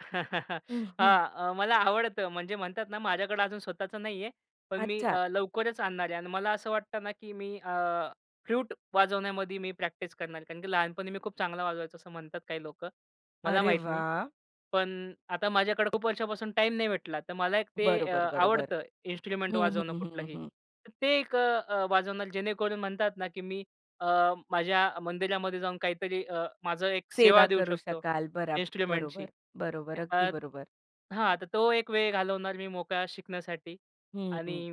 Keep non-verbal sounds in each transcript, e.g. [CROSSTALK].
[CHUCKLES] हं, हं. हां, अ, मला आवडतं. म्हणजे म्हणतात ना, माझ्याकडे अजून स्वतःच नाहीये. पण मी अच्छा. अ, लवकरच आणणार आहे. आणि मला असं वाटतं ना, की मी अ, फ्लूट वाजवण्यामध्ये मी प्रॅक्टिस करणार आहे. कारण, की लहानपणी मी खूप चांगलं वाजवायचो, असं म्हणतात काही लोकं. मला अरे माहित नाही. वाह! पण आता माझ्याकडे खूप वर्षांपासून टाईम नाही भेटला. तर मला एक ते अ, बरोबर, बरोबर. आवडतं इन्स्ट्रुमेंट हं, वाजवणं, हं, हं, कुठलंही. हं. तर ते एक अ, वाजवणार. जेणेकरून म्हणतात ना, की मी अ, माझ्या मंदिरामध्ये जाऊन काहीतरी अ, माझं एक सेवा सेवा देऊ करू शकतो शकाल बरा इन्स्ट्रुमेंटची. बरोबर, बरोबर. अ, अगदी बरोबर. हां, आता तो एक वेळ घालवणार मी मोकळा शिकण्यासाठी हं, आणि हं.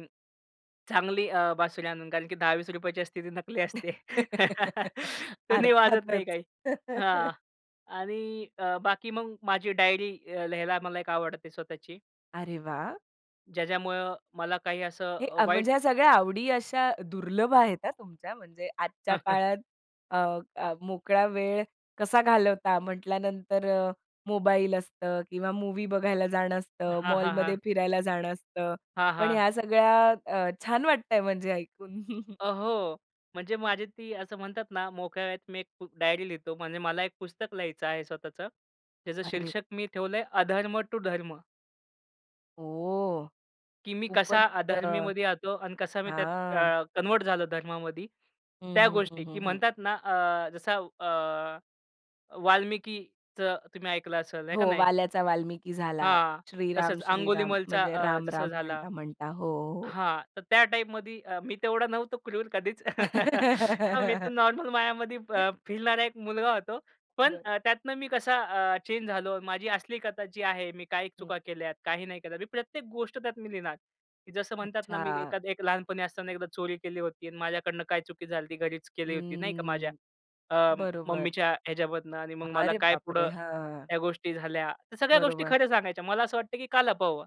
चांगली अ, बासुरी आणून. कारण, की 10-20 रुपयाची असते, ती नकली असते. [CHUCKLES] [LAUGHS] त्यांनी वाजत अर्थातच. नाही काही. हां, [LAUGHS] आणि अ, बाकी मग माझी डायरी अ, लिहायला मला एक आवडते स्वतःची. अरे वाह! ज्याच्यामुळं मला काही असं हे अ, म्हणजे वाईट ह्या सगळ्या आवडी अशा दुर्लभ आहेत हा, तुमच्या म्हणजे आजच्या [CHUCKLES] काळात अ, अ, मोकळा वेळ कसा घालवता म्हटल्यानंतर अ, मोबाईल असतं किंवा मूव्ही बघायला जाणं असतं, हां, हां, मॉलमध्ये हां. फिरायला जाणं असतं. हां, पण हां. ह्या सगळ्या अ, छान वाटतंय म्हणजे ऐकून. [CHUCKLES] अहो, म्हणजे माझी ती असं म्हणतात ना, मोकळ्या वेळेत मी एक डायरी लिहितो. म्हणजे मला एक पुस्तक लिहायचं आहे स्वतःचं. त्याचं अरे. शीर्षक मी ठेवलंय, अधर्म टू धर्म. ओह! की मी कसा खूपच अ अधर्मीमध्ये येतो आणि कसा मी त्यात हां. अ, कन्व्हर्ट झालो धर्मामध्ये. हं, त्या हं, हं, गोष्टी की हं, हं. म्हणतात ना, अ, जसा अ, वाल्मिकीचं तुम्ही ऐकलं असेल हे का हो, नाही? वाल्याचा वाल्मिकी झाला. हां, श्रीराम, तसंच श्रीराम अंगुलीमाल म्हणजे अ, राम, जसा राम झाला. म्हणता म्हणता. हो, हो. हां. तर त्या टाइपमध्ये मी तेवढा नव्हतो क्रूर कधीच. [LAUGHS] हा, मी तर [LAUGHS] नॉर्मल मायामध्ये फिरणारा एक मुलगा होतो. पण बरं. त्यातनं मी कसा अ, चेंज झालो. माझी असली कथा जी आहे, मी काही हं. चुका केल्यात, काही नाही केलं. मी प्रत्येक गोष्ट त्यात मी लिहिणार, की जसं म्हणतात ना, मी अच्छा. एखादा एक लहानपणी असताना एकदा चोरी केली होती आणि माझ्याकडून काय चुकी झाली, ती घरीच केली होती, नाही का, माझ्या हम्म, अ, बरोबर. मम्मीच्या ह्याच्यामधनं. आणि मग मला अरे काय बापरे! पुढं हां. ह्या गोष्टी झाल्या. तर सगळ्या गोष्टी बरोबर. खऱ्या सांगायच्या. मला असं वाटतं, का लपवावं?